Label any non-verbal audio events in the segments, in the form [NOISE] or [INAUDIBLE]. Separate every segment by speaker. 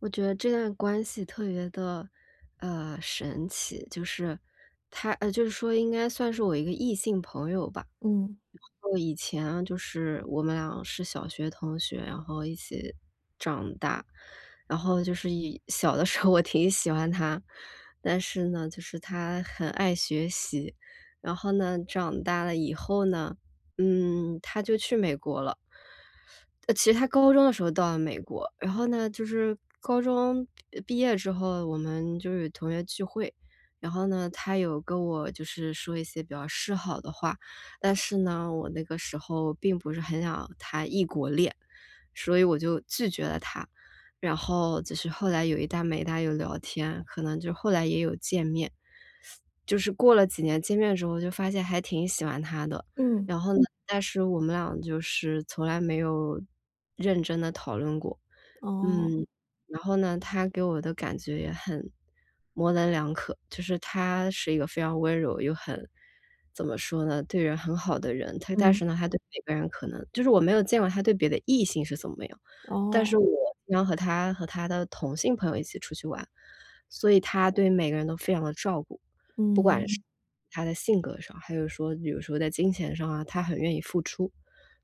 Speaker 1: 我觉得这段关系特别的，呃，神奇。就是，他呃，就是说应该算是我一个异性朋友吧。
Speaker 2: 嗯。
Speaker 1: 就以前就是我们俩是小学同学，然后一起长大。然后就是以小的时候我挺喜欢他。但是呢，就是他很爱学习，然后呢，长大了以后呢，嗯，他就去美国了。呃，其实他高中的时候到了美国，然后呢就是，呃，高中毕业之后我们就是同学聚会。然后呢，他有跟我就是说一些比较示好的话，但是呢，我那个时候并不是很想谈异国恋，所以我就拒绝了他。然后就是后来有一搭没一搭地有聊天，可能就后来也有见面。就是过了几年见面之后，就是发现还挺喜欢他的。
Speaker 2: 嗯。
Speaker 1: 然后呢，但是我们俩就是从来没有认真地讨论过。
Speaker 2: 哦。
Speaker 1: 嗯，然后呢，他给我的感觉也很模棱两可。就是他是一个非常温柔，又很怎么说呢？对人很好的人。但
Speaker 2: 嗯。
Speaker 1: 是呢，他对每个人呢可能就是我没有见过他对别的异性是怎么样，但是
Speaker 2: 哦。
Speaker 1: 我经常和他和他的同性朋友一起出去玩，所以他对每个人都非常地照顾。不管是
Speaker 2: 嗯。
Speaker 1: 他的性格上，还是说比如说在金钱上啊，他很愿意付出。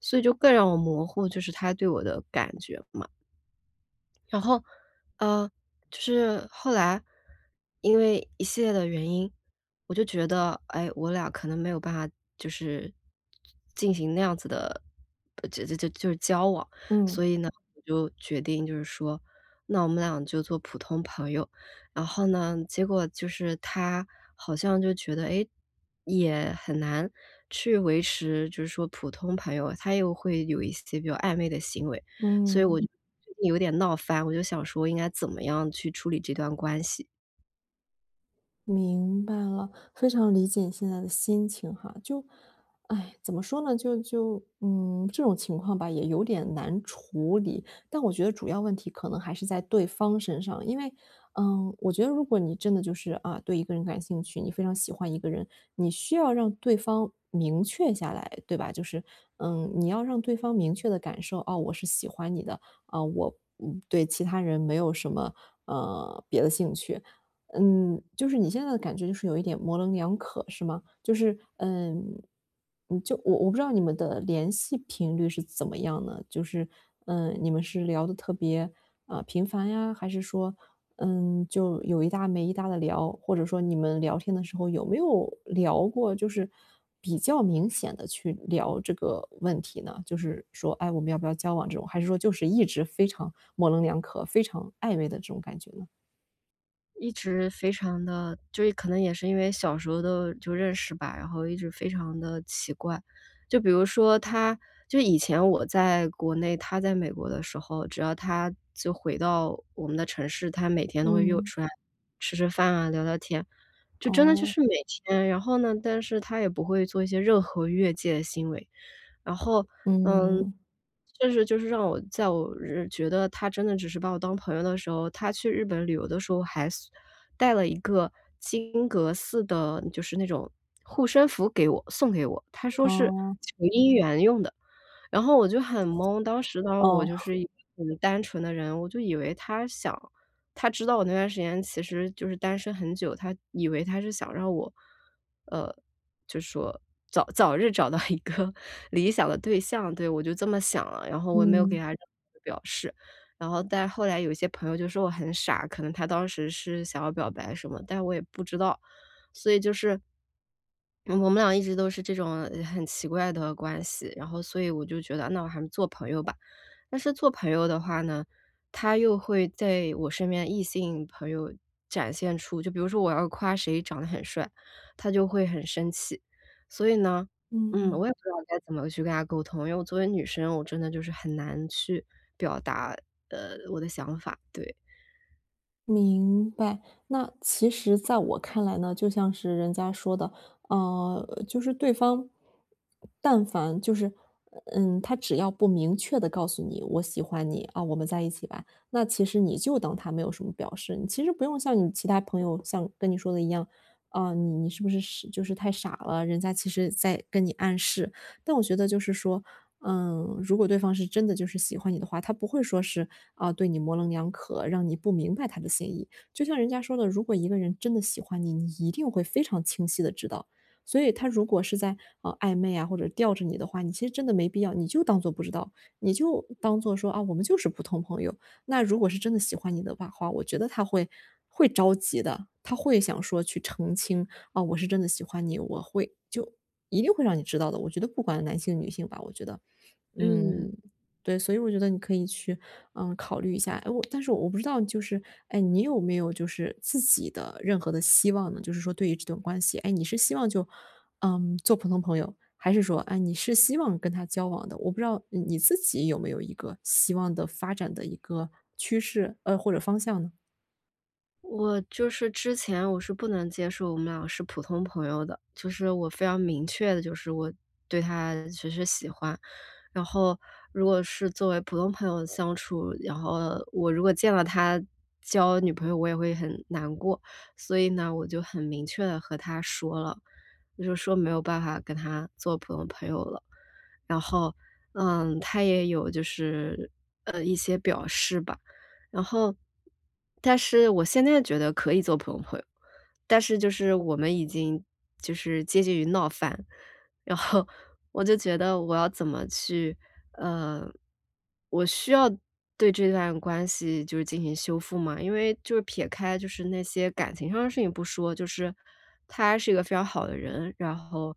Speaker 1: 所以就更让我模糊，就是他对我的感觉嘛。然后，嗯，就是后来，因为一系列的原因，我就觉得，哎，我俩可能没有办法就是进行那样子的就就就是交往，所
Speaker 2: 嗯。
Speaker 1: 以呢我就决定就是说那我们俩就做普通朋友。然后呢，结果就是他好像就觉得，哎，也很难去维持就是说普通朋友，他又会有一些比较暧昧的行为。所以我
Speaker 2: 嗯。
Speaker 1: 就有点闹翻，我就在想，应该怎么样去处理这段关系？
Speaker 2: 明白了，非常理解你现在的心情哈。就，[SIGHS] 怎么说呢，就就，嗯这种情况吧，也有点难处理。但我觉得主要问题可能还是在对方身上。因为，嗯，我觉得如果你真的就是，啊，对一个人感兴趣，你非常喜欢一个人，你需要让对方明确下来，对吧？就是，嗯，你要让对方明确地感受，哦，我是喜欢你的，呃，我对其他人没有什么，嗯，别的兴趣。嗯，就是你现在的感觉就是有一点模棱两可，是吗？就是，呃，就我我不知道你们的联系频率是怎么样呢？就是，嗯，你们是聊得特别，嗯，频繁呀？还是说，嗯，就有一搭没一搭地聊？或者说你们聊天的时候有没有聊过就是比较明显地去聊这个问题呢？就是说，哎，我们要不要交往这种？还是说就是一直非常模棱两可，非常暧昧的这种感觉呢？
Speaker 1: 一直非常的就是可能也是因为小时候都就认识吧，然后一直非常地奇怪。就比如说他就以前我在国内，他在美国的时候，只要他就回到我们的城市，他每天都会约我
Speaker 2: 嗯。
Speaker 1: 出来吃吃饭啊聊聊天，就真的就
Speaker 2: 哦。
Speaker 1: 是每天。然后呢但是他也不会做一些任何越界行为。然后，嗯，
Speaker 2: 嗯。
Speaker 1: 就是就是让我在我觉得他真的只是把我当朋友的时候，他去日本旅游的时候还送带了一个金阁寺的就是那种护身符给我送给我，他说是
Speaker 2: 哦。
Speaker 1: 求姻缘用的。然后我就很懵，当时呢，我就
Speaker 2: 哦。
Speaker 1: 是一个很单纯的人，我就以为他想他知道我那段时间其实就是单身很久，他以为他是想让我，呃，就说早早日找到一个理想的对象。对，我就这么想了，然后我也没有给
Speaker 2: 嗯。
Speaker 1: 他任何的表示。然后但是后来有一些朋友就说我很傻，可能他当时是想要表白什么，但是我也不知道，所以就是我们俩一直都是这种很奇怪的关系，然后所以我就觉得那我还是做朋友吧。但是做朋友的话呢，他又会在我身边异性朋友展现出就比如说我要夸谁长得很帅，他就会很生气。所以呢，嗯，
Speaker 2: 嗯。
Speaker 1: 我也不知道该怎么去跟他沟通，因为我作为女生，我真的就是很难去表达，呃，我的想法，对。
Speaker 2: 明白。那其实在我看来呢，就像是人家说的，嗯，就是对方但凡就是嗯，他只要不明确地告诉你：“我喜欢你，啊，我们在一起吧。“那其实你就当他没有什么表示。其实不用像你其他朋友像跟你说的一样，啊，你你是不是就是太傻了，人家其实在跟你暗示，但我觉得就是说，嗯，如果对方是真的就是喜欢你的话，他不会说是，啊，对你模棱两可，让你不明白他的心意。就像人家说的，如果一个人真的喜欢你，你一定会非常清晰地知道。所以他如果是在，呃，暧昧啊或者吊着你的话，你其实真的没必要你就当做不知道，你就当做说，啊，我们就是普通朋友，那如果是真的喜欢你的话话，我觉得他会会着急的，他会想说去澄清，啊，我是真的喜欢你，我会就一定会让你知道的，我觉得不管男性女性吧我觉得，
Speaker 1: 嗯。
Speaker 2: 嗯，对。所以我觉得你可以去，嗯，考虑一下，哎，我但是我不知道就是，哎，你有没有就是自己的任何的希望呢，就是说对于这段关系。哎，你是希望就，嗯，做普通朋友，还是说，哎，你是希望跟他交往的，我不知道你你自己有没有一个希望的发展的一个趋势，呃，或者方向呢？
Speaker 1: 我就是之前，我是不能接受我们俩是普通朋友的，就是我非常明确的就是我对他只是喜欢。然后如果是作为普通朋友相处，然后我如果见了他交女朋友，我也会很难过。所以呢，我就很明确地和他说了，就是说没有办法跟他做普通朋友了。然后，嗯，他也有就是，呃，一些表示吧。然后但是我现在觉得可以做普通朋友，但是就是我们已经就是接近于闹翻。然后，我就觉得我要怎么去呃，我需要对这段关系就是进行修复吗？因为就是撇开就是那些感情上的事情不说，就是，他还是一个非常好的人。然后，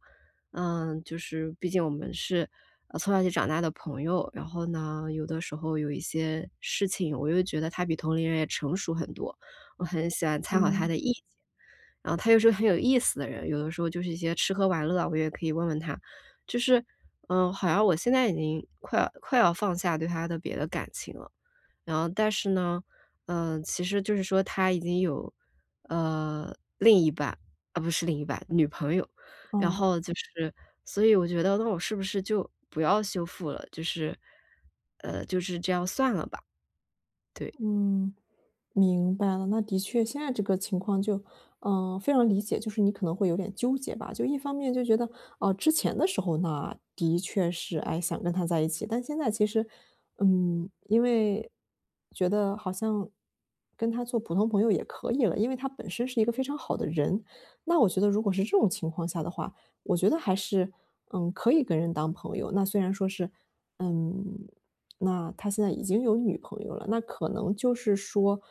Speaker 1: 嗯，就是毕竟我们是，嗯，从小一起长大的朋友。然后呢，有的时候有一些事情，我又觉得他比同龄人也成熟很多，我很喜欢参考他
Speaker 2: 嗯。
Speaker 1: 的意见。然后他又是个很有意思的人，有的时候就是一些吃喝玩乐啊，我也可以问问他。就是，嗯，好像我现在已经快要快要放下对他的别的感情了，然后但是呢，嗯，其实就是说他已经有，呃，另一半呃，不是另一半，女朋友。然
Speaker 2: 哦。
Speaker 1: 后就是所以我觉得那我是不是就不要修复了，就是，呃，就是这样算了吧，对。
Speaker 2: 嗯，明白了。那的确现在这个情况就嗯，非常理解，就是你可能会有点纠结吧。就一方面就觉得，嗯，之前的时候呢，的确是，诶，想跟他在一起，但现在其实，嗯，因为，觉得好像跟他做普通朋友也可以了，因为他本身是一个非常好的人。那我觉得如果是这种情况下的话，我觉得还是，嗯，可以跟人当朋友。那虽然说是，嗯，那他现在已经有女朋友了，那可能就是说，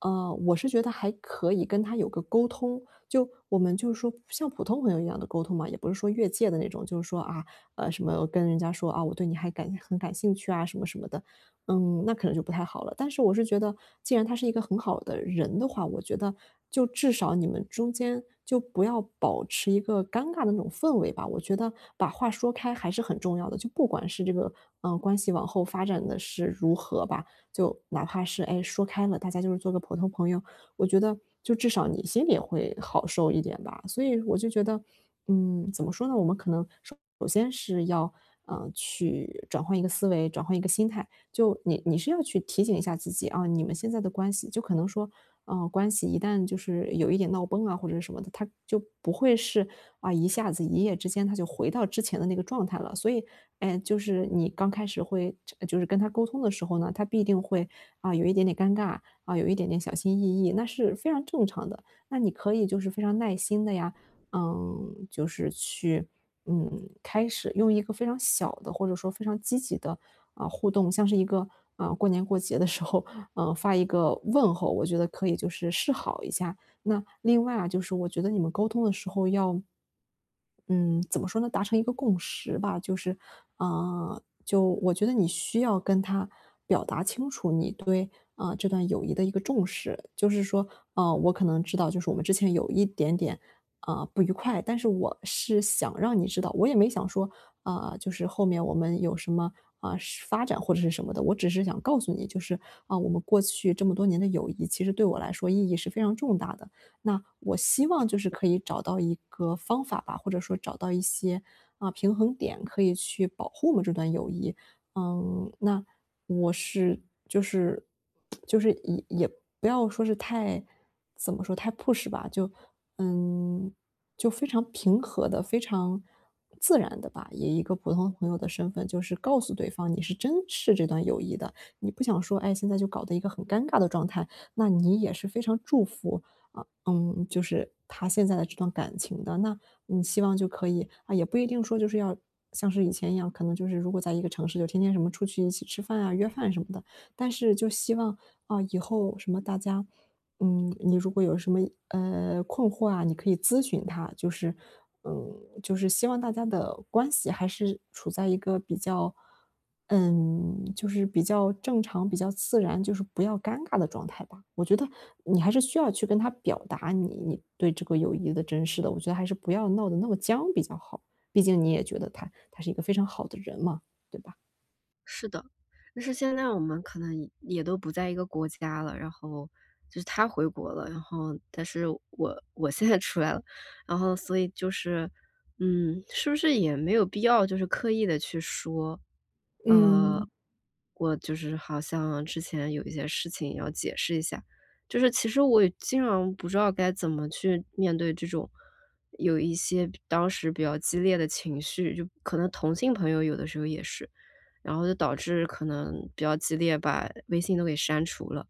Speaker 2: 啊，我是觉得还可以跟他有个沟通。就，我们就说像普通朋友一样地沟通嘛，也不是说越界的那种。就是说，啊，呃，什么跟人家说，啊，我对你还感很感兴趣啊什么什么的，嗯，那可能就不太好了。但是我是觉得，既然他是一个很好的人的话，我觉得，就至少你们中间，就不要保持一个尴尬的那种氛围吧。我觉得，把话说开还是很重要的。就不管是这个，嗯，关系往后发展得是如何吧，就哪怕是，诶，说开了，大家就是做个普通朋友，我觉得就至少你心里也会好受一点吧。所以，我就觉得，嗯，怎么说呢，我们可能首先是要，嗯，去转换一个思维，转换一个心态。就你你是要去提醒一下自己，啊，你们现在的关系就可能说，嗯，关系一旦就是有一点闹崩啊或者是什么的，它就不会是，啊，一下子一夜之间，它就回到之前的那个状态了。所以，诶，就是你刚开始会就呃，就是跟他沟通的时候呢，他必定会，啊，有一点点尴尬，啊，有一点点小心翼翼，那是非常正常的。那你可以就是非常耐心地呀，嗯，就是去，嗯，开始用一个非常小的或者说非常积极的，嗯，互动，像是一个，嗯，过年过节的时候，嗯，发一个问候，我觉得可以就是示好一下。那另外啊，就是我觉得你们沟通的时候要嗯，怎么说呢，达成一个共识吧，就是，啊，就我觉得你需要跟他表达清楚，你对，啊，这段友谊的一个重视。就是说，啊，我可能知道就是我们之前有一点点，呃，不愉快。但是我是想让你知道我也没想说，啊，就是后面我们有什么啊，发展或者是什么的。我只是想告诉你就是，啊，我们过去这么多年的友谊，其实对我来说意义是非常重大的。那我希
Speaker 1: 是
Speaker 2: 望就是
Speaker 1: 的。
Speaker 2: 可以找到一个方法吧，或者说找到一些，啊，平衡点可以去保护我们这段友谊。啊，那我是就是 [SMACKS LIPS] 就是也也不要说是太怎么说，太 push 吧，就嗯，就非常平和地、非常自然地吧，以一个普通朋友的身份就是告诉对方，你是珍视这段友谊的。你不想说，诶，现在就搞得一个很尴尬的状态，那你也是非常祝福，啊，嗯，就是他现在的这段感情的。那，你希望就可以啊，也不一定说，就是要像是以前一样可能就是如果在一个城市就天天什么出去一起吃饭啊，约饭什么的。但是就希望，啊，以后什么大家嗯，你如果有什么，呃，困惑啊，你可以咨询他，就是嗯，就是希望大家的关系还是处在一个比较，嗯，就是比较正常、比较自然，就是不要尴尬的状态吧。我觉得，你还是需要去跟他表达你你对这个友谊的珍视的，我觉得还是不要闹得那么僵比较好。毕竟你也觉得他他是一个非常好的人嘛，对吧？
Speaker 1: 是的，但是现在我们可能也都不在一个国家了，然后就是他回国了，然后，但是我我现在出来了，然后所以就是嗯，是不是也没有必要，就是刻意地去说？啊，
Speaker 2: 嗯。
Speaker 1: 我就是好像之前有一些事情要解释一下。就是其实我也经常不知道该怎么去面对这种，有一些当时比较激烈的情绪，就可能同性朋友有的时候也是。然后就导致可能比较激烈，把微信都给删除了。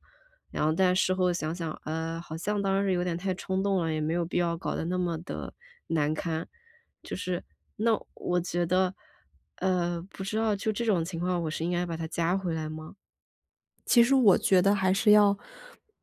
Speaker 1: 然后，但事后想想，呃，好像当时有点太冲动了，也没有必要搞得那么地难堪，就是那我觉得，呃，不知道就这种情况，我是应该把他加回来吗？
Speaker 2: 其实我觉得还是要，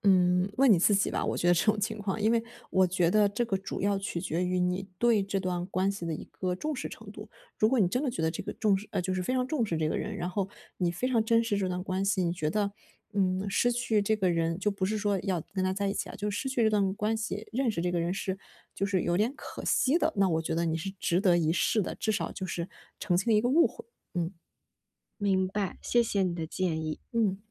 Speaker 2: 嗯，问你自己吧，我觉得这种情况。因为我觉得这个主要取决于你对这段关系的一个重视程度。如果你真的觉得这个重视呃，就是非常重视这个人，然后你非常珍视这段关系，你觉得，嗯，失去这个人就不是说要跟他在一起啊，就失去这段关系，认识这个人是就是有点可惜的，那我觉得你是值得一试的，至少就是澄清一个误会。嗯。
Speaker 1: 明白，谢谢你的建议。
Speaker 2: 嗯。